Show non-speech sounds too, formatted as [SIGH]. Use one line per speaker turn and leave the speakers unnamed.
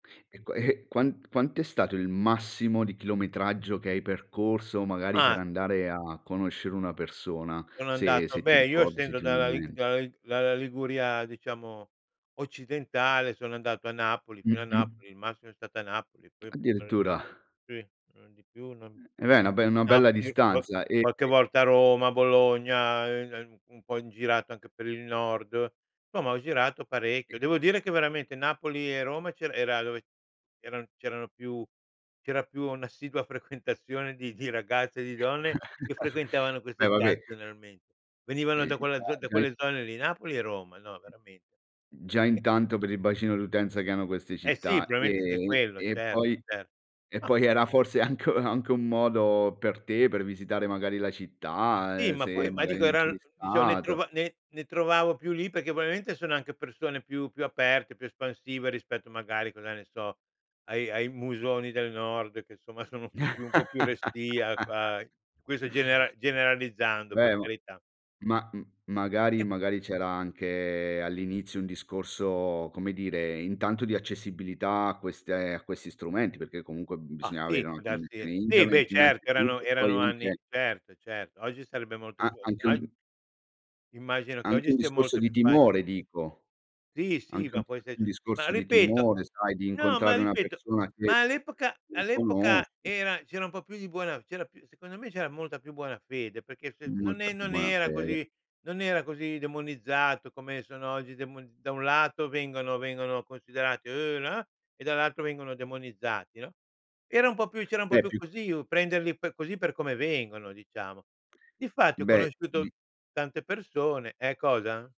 E qua e e quant quanto è stato il massimo di chilometraggio che hai percorso, magari per
Uhm.
andare a conoscere una persona
Sono
se
andato
se ti
beh, io
ricordi, se
essendo
ti viene
dalla
in
Lig
mente?
dalla Lig dalla Liguria diciamo, occidentale sono andato a Napoli, fino a
Mh-mh.
Napoli, il massimo è stato a Napoli, poi
Addirittura.
[UNINTELLIGIBLE] non di più, non
E beh, na be una bella
Napoli, po
distanza e
qualche
e
volta a Roma, Bologna, ehm, [UNINTELLIGIBLE] un po' in girato anche per il nord, Insomma ho girato
E
parecchio. Devo dire che veramente Napoli e Roma c'era era dove c'eran c'erano più c'era più una assidua frequentazione di di ragazze e di donne, che
[CHUCKLES]
frequentavano
E
queste chat
vabbé.
generalmen venivano
E
da
già
quella z da
già i
quelle zone lì Napoli e Roma, no veramen
Già intanto per il bacino d'utenza che hanno queste
Eh, sì
città,
probabilmente anche
ehm,
quello
e
certo,
poi
certo.
e
Ah
poi era forse anche u anche un modo, per te, per visitare magari la città,
Sì,
ehm,
ma poi
se
ma
magari
dico
non
eran
c'eri
diciamo ne
stato.
trova ne ne trovavo più lì perché probabilmente sono anche persone più più aperte, più espansive rispetto magari cosa ne so, ai ai musoni del Nord, che insomma sono un po' più un po' più restii a
[LAUGHS]
a questo genera generalizzando per
Beh ma
carità.
ma m magari
[UNINTELLIGIBLE]
magari c'era anche all'inizio un discorso, come dire, intanto di accessibilità a queste a questi strumenti, perché comunque
Bah!
bisognava avere
Sì,
una
può darsi
connessione
sì, beh
internet
certo erano
innanzitutto,
erano
poi
anni
anche
certo, certo, oggi sarebbe molto
A
più ogg
anche un
Immagino che
anche
oggi
un
sia
discorso
molto
di
più faci
timore dico,
Sì, sì,
anche
ma
un
può
un
esserci ma
discorso di
ripeto
timore sai di
no, ma
incontrare una
ripeto,
persona che
ma all'epoca
non
all'epoca
conosci.
era c'era un po' più di buona c'era più secondo me c'era molta più buona fede, perché se non
Molta
è
più
non
buona
era
fede.
così non era così demonizzato come sono oggi demon da un lato vengono vengono considerate, "Uuh, no" e dall'altro vengono demonizzati, no. Era un po' più c'era un po'
Beh,
più
più
così u prenderli per così per come vengono diciamo. Difatti ho
Beh di
conosciuto tante persone ehm, cosa?